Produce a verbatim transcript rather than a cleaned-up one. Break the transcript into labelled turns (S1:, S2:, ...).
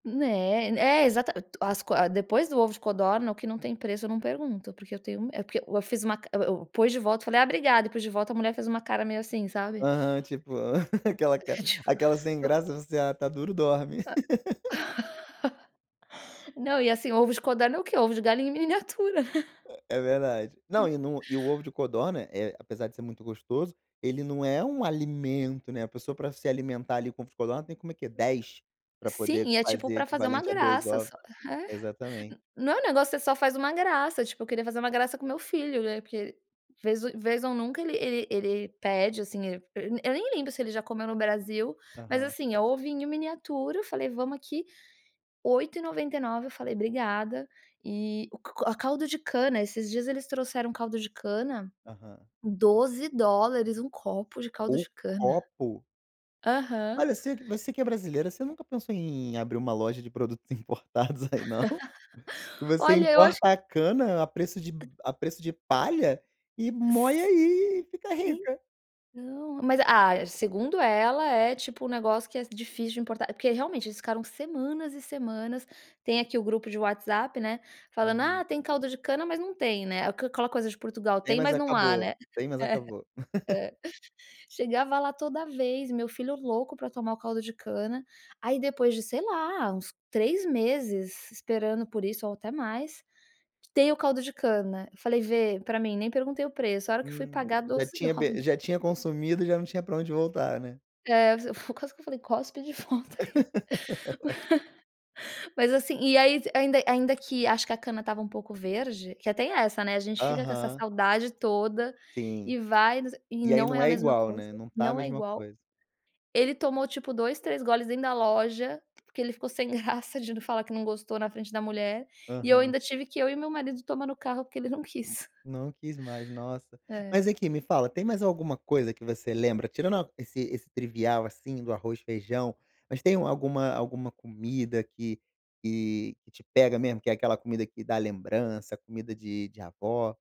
S1: É, é exatamente, as qua depois do ovo de codorna o que não tem preço eu não pergunto, porque eu tenho me é porque eu fiz uma ca eu eu pus de volta falei: "Ah obrigada.", eu pus de volta, a mulher fez uma cara meio assim, sabe?
S2: Aham, tipo, aquela
S1: E tipo,
S2: aquela sem
S1: eu
S2: graça, você, "Ah está duro, dorme".
S1: É. Não e, assim, ovos de codorna é o quê? Ovo de galinha em miniatura.
S2: É verdade.
S1: Não
S2: Não,
S1: é?
S2: e em um o ovo de codorna, apesar de ser muito gostoso, ele não é um alimento, né. A pessoa pra se alimentar ali com ovo de codorna tem como o quê? dez pra
S1: Sim,
S2: poder
S1: e é tipo
S2: fazer
S1: pra fazer uma
S2: equivalente a dois
S1: graça
S2: ovos.
S1: só, é.
S2: Exatamente.
S1: Não, o negócio que você só faz uma graça, tipo eu queria fazer uma graça com meu filho, né, porque vez vez ou nunca ele ele pede, assim, ele eu nem lembro se ele já comeu no Brasil, mas,
S2: Aham.
S1: assim, é ovinho em miniatura, eu falei vamos aqui oito e noventa e nove eu falei: "Obrigada", e o co o caldo de cana, esses dias eles trouxeram caldo de cana,
S2: Aham.
S1: doze dólares um copo de caldo
S2: O
S1: de cana.
S2: copo?
S1: Aham.
S2: Mas você você que é brasileira, você nunca pensou em abrir uma loja de produtos importados aí não? Você
S1: Olha eu acho que
S2: importa a cana a preço de ban
S1: P
S2: a preço de palha e mói aí e fica rica.
S1: Então, mas, ah, segundo ela é tipo um negócio que é difícil de importar, porque realmente eles ficaram semanas e semanas, tem aqui o grupo de WhatsApp, né, falando: "Ah
S2: Aham.
S1: tem caldo de cana" mas não tem, né, aquela coisa de Portugal
S2: Tem
S1: tem
S2: mas
S1: mas não há,
S2: acabou
S1: né?
S2: tem mas
S1: É,
S2: acabou.
S1: é chegava lá toda vez meu filho louco pra tomar o caldo de cana, aí depois de sei lá uns três meses esperando por isso ou até mais, tem o caldo de cana. Falei: "Vê pra mim.", nem perguntei o preço a hora que fui
S2: Hum,
S1: pagar
S2: já
S1: doze
S2: tinha
S1: dólares.
S2: já tinha consumido e já não tinha pra onde voltar, né.
S1: Eh, fu quase que eu falei: "Cospe de volta aí". Mas assim e aí ainda ainda que acho que a cana estava um pouco verde, que até é essa, né, a gente fica com essa
S2: Aham.
S1: saudade toda
S2: Sim.
S1: e vai e
S2: E aí
S1: não é
S2: não
S1: a
S2: é
S1: mesma
S2: igual,
S1: coisa,
S2: né, não está a
S1: não é
S2: mesma
S1: igual.
S2: coisa.
S1: Ele tomou tipo dois, três goles dentro da loja porque ele ficou sem graça de falar que não gostou na frente da mulher. E eu
S2: Aham.
S1: ainda tive que eu e o meu marido tomar no carro porque ele não quis.
S2: Não quis mais, nossa.
S1: É.
S2: Mas aqui, me fala, tem mais alguma coisa que você lembra, tirando esse esse trivial, assim, do arroz feijão, mas tem alguma alguma comida que que que te pega mesmo, que é aquela comida que dá lembrança, comida de de avó?